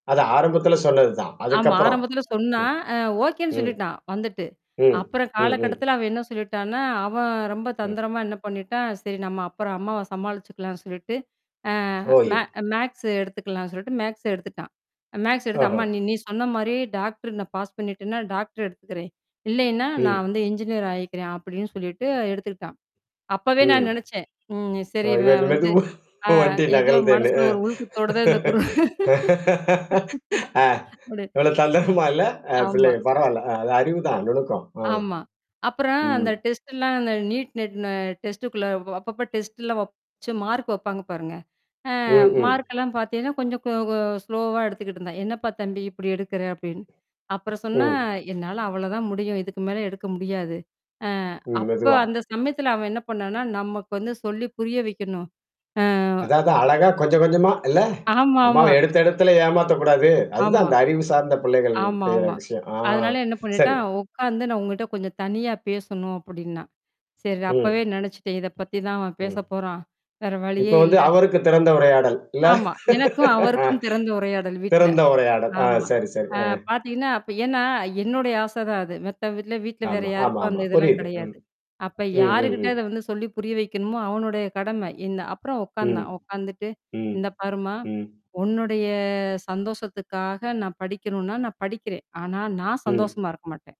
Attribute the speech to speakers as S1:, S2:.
S1: அது ஆரம்பத்தில சொன்னது தான்.
S2: ஆமா
S1: அதுக்கப்புறம்.
S2: ஆரம்பத்தில
S1: ம்.
S2: சொன்னான். அ ஓகேன்னு
S1: ம்.
S2: சொல்லிட்டான் வந்துட்டு.
S1: ம்,
S2: அப்புறம்
S1: ம், ம்.
S2: காலகட்டத்தில அவன் என்ன சொல்லிட்டான்னா, அவன் ரொம்ப
S1: ம்.
S2: தந்திரமா என்ன பண்ணிட்டான், சேரி நம்ம அப்புறம் அம்மாவ சமாளிச்சுக்கலான்னு சொல்லிட்டு. ஆ
S1: [unintelligible] ப்ரோயு
S2: மே மேக்ஸா எடுத்துக்கலாம்னு சொல்லிட்டு மேக்ஸா எடுத்துட்டான். மேக்ஸா எடுத்து
S1: ஆஹா!
S2: "அம்மா நீ சொன்ன மாரி டாக்டர்நான் பாஸ் பண்ணிட்டேன்னா, டாக்டர் எடுத்துக்கிறேன். இல்லைன்னா,
S1: ம்.
S2: நான் வந்து என்ஜினியரா ஆயிக்கிறேன்" அப்படின்னு சொல்லிட்டு எடுத்துக்கிட்டான். அப்பவே
S1: ம்.
S2: நான் நெனச்சேன். ம் சேரி
S1: இவர்
S2: இவன் வந்து.
S1: மெதுவா
S2: ஆ
S1: வண்டி
S2: ஏதோ
S1: நகர்தேன்னு.
S2: மனசுல ஒரு உள் குத்தோட தான் இந்த குரு.
S1: ஆ.
S2: விடு
S1: இவ்ளோ தந்திரமா இல்ல. அ
S2: ஆமா.
S1: பிள்ளைங்க பரவால்ல. அது அறிவுதான் நுணுக்கம். அ.
S2: ஆமா. அப்புறம் அந்த
S1: ம்.
S2: டெஸ்ட்ல்லாம் அந்த நீட் நெட்ன டெஸ்டுக்குள்ள அப்பப்போ டெஸ்ட்ல்லாம் வப் வச்சி மார்க் வைப்பாங்க பாருங்க. அ
S1: ம்கூம்.
S2: மார்க்கெல்லாம் பாத்தீங்கன்னா, கொஞ்சம் கொ ஸ்லோவா எடுத்துக்கிட்டு இருந்தான். என்னப்பா தம்பி இப்படி எடுக்குற அப்படின்னு. அப்புறம் சொன்னா,
S1: ம்.
S2: என்னால அவ்ளோதான் முடியும். இதுக்கு மேல எடுக்க முடியாது. அ
S1: ம்.
S2: அப்ப
S1: மெதுவா
S2: அந்த சமயத்துல அவன் என்ன பண்ணான்னா, நமக்கு வந்து சொல்லி புரிய வைக்கணும். ஆ.
S1: அதாவது அழகா கொஞ்சம் கொஞ்சமா இல்ல. அம்மா
S2: ஆமாமா.
S1: எடுத்த எடுத்துல ஏமாத்தக்கூடாது. அதுதான்
S2: ஆமா.
S1: அந்த அறிவு சார்ந்த பிள்ளைகள் செய்ற
S2: ஆமாமா.
S1: விஷயம். ஆ.
S2: அதனால என்ன
S1: சரி.
S2: பண்ணிட்டான் உட்காந்து நான் உங்கட்ட கொஞ்சம் தனியா பேசணும் அப்படின்னா. சேரி. அப்பவே
S1: ம்.
S2: நினச்சுட்டேன். இத பத்தி தான் அவன் பேச
S1: ம்.
S2: போறான். வேற
S1: இப்ப
S2: வழியே
S1: வந்து
S2: இல்ல.
S1: அவருக்கு திறந்த உரையாடல். இல்ல?
S2: ஆமா. எனக்கும்
S1: ஆ.
S2: அவருக்கும் திறந்த உரையாடல் வீட்ல.
S1: திறந்த உரையாடல். ஆ
S2: ஆமா.
S1: சரி, சரி.
S2: ஆ
S1: அ.
S2: பார்த்தீங்கன்னா, அப்ப ஏன்னா என்னுடைய ஆசை தான் அது. மத்த வீட்ல வீட்ல வேற
S1: ஆமா.
S2: யாருக்கும்
S1: ஆமாமா.
S2: அந்த இதெல்லாம்
S1: புரியுது. ம்.
S2: கிடையாது. அப்ப
S1: ம், ம்,
S2: யாருகிட்ட
S1: ம்.
S2: அத வந்து சொல்லி புரிய வைக்கணுமோ, அவனுடைய கடமை இந்த அப்புறம்
S1: ம்.
S2: உட்கார்ந்தான், உட்கார்ந்துட்டு.
S1: ம்.
S2: இந்த பாருமா.
S1: ம்.
S2: உன்னுடைய சந்தோஷத்துக்காக நான் படிக்கணும்னா நான் படிக்கிறேன். ஆனா நான்
S1: ம்.
S2: சந்தோஷமா இருக்க மாட்டேன்.